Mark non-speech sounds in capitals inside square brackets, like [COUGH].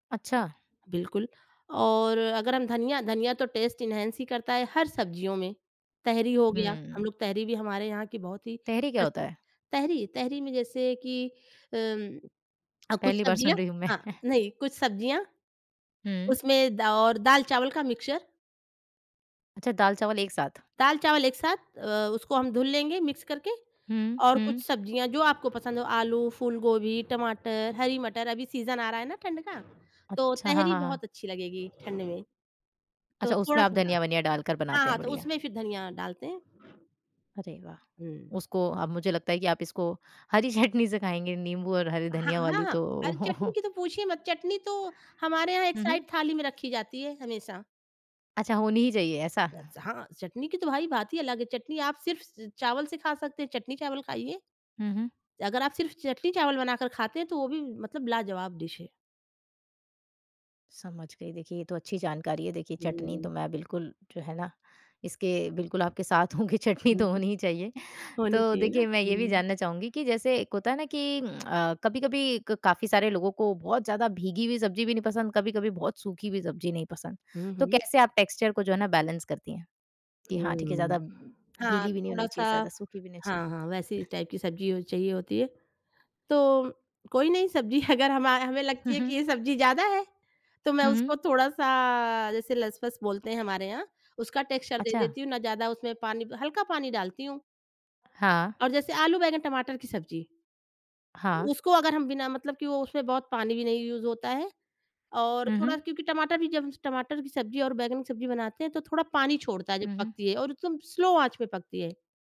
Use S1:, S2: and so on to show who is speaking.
S1: अच्छा।
S2: बिल्कुल, और अगर हम धनिया धनिया तो टेस्ट एन्हांस ही करता है हर सब्ज़ियों में। तहरी हो गया, हम
S1: हुँ।
S2: लोग तहरी भी हमारे यहाँ की बहुत ही
S1: तहरी क्या होता
S2: प्रचलित
S1: है?
S2: तहरी, तहरी में जैसे कि अम, अ, कुछ
S1: पहली बार सुन
S2: सब्ज़ियाँ
S1: रही हूँ मैं।
S2: हाँ,
S1: [CHUCKLES]
S2: नहीं, कुछ सब्ज़ियाँ,
S1: हुँ।
S2: उसमें दा और दाल-चावल का मिक्सचर।
S1: अच्छा, दाल-चावल एक साथ।
S2: दाल-चावल एक साथ अ, उसको हम धुल लेंगे मिक्स करके,
S1: हुँ,
S2: और कुछ
S1: हुँ।
S2: सब्ज़ियाँ जो आपको पसंद हों, आलू, फूलगोभी, टमाटर, हरी मटर, अभी सीज़न आ रहा है ना ठंड का, तो
S1: अच्छा, हाँ,
S2: तहरी
S1: हाँ, हाँ।
S2: बहुत अच्छी लगेगी ठंड में। तो
S1: अच्छा, उसमें आप
S2: थोड़ा-सा हाँ।
S1: धनिया-वनिया डाल कर
S2: हाँ,
S1: बनाते
S2: हाँ
S1: हैं,
S2: तो
S1: बढ़िया।
S2: उसमें फिर धनिया डालते हैं।
S1: अरे वाह!
S2: हुँ।
S1: उसको अब मुझे लगता है कि आप इसको हरी चटनी से खाएँगे, नींबू और हरी
S2: ह हाँ,
S1: धनिया वाली
S2: हाँ।
S1: तो।
S2: अरे! चटनी
S1: [CHUCKLES]
S2: की तो पूछिए मत, चटनी तो हमारे यहाँ एक
S1: हुँ,
S2: साइड
S1: हुँ।
S2: थाली में रखी जाती है हमेशा।
S1: अच्छा, होनी ही चाहिए, ऐसा।
S2: याद से, हाँ, चटनी की तो भाई बात ही अलग है, चटनी आप सिर्फ़ च चावल से खा सकते हैं, चटनी-चावल खाइए।
S1: हुँ, हुँ।
S2: अगर आप सिर्फ़ चटनी-चावल बनाकर खाते हैं, तो वो भी मतलब लाजवाब डिश है।
S1: समझ गई, देखिए ये तो अच्छी जानकारी है। देखिए, चटनी तो
S2: हुँ।
S1: मैं बिल्कुल जो है ना, इसके बिल्कुल आपके साथ हूँ कि चटनी
S2: हुँ,
S1: तो
S2: हुँ।
S1: होनी ही चाहिए।
S2: होनी
S1: तो
S2: चाहिए ना,
S1: देखिए, मैं ये भी
S2: हुँ।
S1: जानना चाहूँगी कि जैसे एक होता है ना कि [CLICKS TONGUE] अ, कभी-कभी क काफ़ी सारे लोगों को बहुत ज़्यादा भीगी हुई सब्ज़ी भी नहीं पसंद, कभी-कभी बहुत सूखी हुई सब्ज़ी नहीं पसंद।
S2: हुँ,
S1: तो
S2: हुँ।
S1: कैसे आप टेक्सचर को जो है ना बैलेंस करती हैं, कि हाँ, ठीक है, ज़्यादा
S2: हुँ। हाँ,
S1: गीली भी नहीं होनी चाहिए,
S2: थोड़ा-सा
S1: ज़्यादा सूखी भी ना छ
S2: हाँ, हाँ, वैसी ही टाइप की सब्ज़ी ओ चाहिए होती है। तो कोई नहीं, सब्ज़ी अगर हमा हमें लगती
S1: हुँ,
S2: है कि
S1: हुँ।
S2: ये सब्ज़ी ज़्यादा है, तो मैं
S1: हुँ, हुँ।
S2: उसको थोड़ा-सा, जैसे लस-फस बोलते हैं हमारे यहाँ, उसका टेक्सचर दे
S1: अच्छा।
S2: देती हूँ, ना ज़्यादा उसमें पानी ब हल्का पानी डालती हूँ।
S1: हाँ।
S2: और जैसे आलू, बैंगन, टमाटर की सब्ज़ी।
S1: हाँ।
S2: उसको अगर हम बिना मतलब कि वो उसमें बहुत पानी भी नहीं यूज़ होता है। और
S1: हुँ,
S2: थोड़ा
S1: हुँ।
S2: क्योंकि टमाटर भी, जब टमाटर की सब्ज़ी और बैंगन की सब्ज़ी बनाते हैं, तो थोड़ा पानी छोड़ता है जब
S1: हुँ, हुँ।
S2: पकती है, और एकदम स्लो आँच पे पकती है।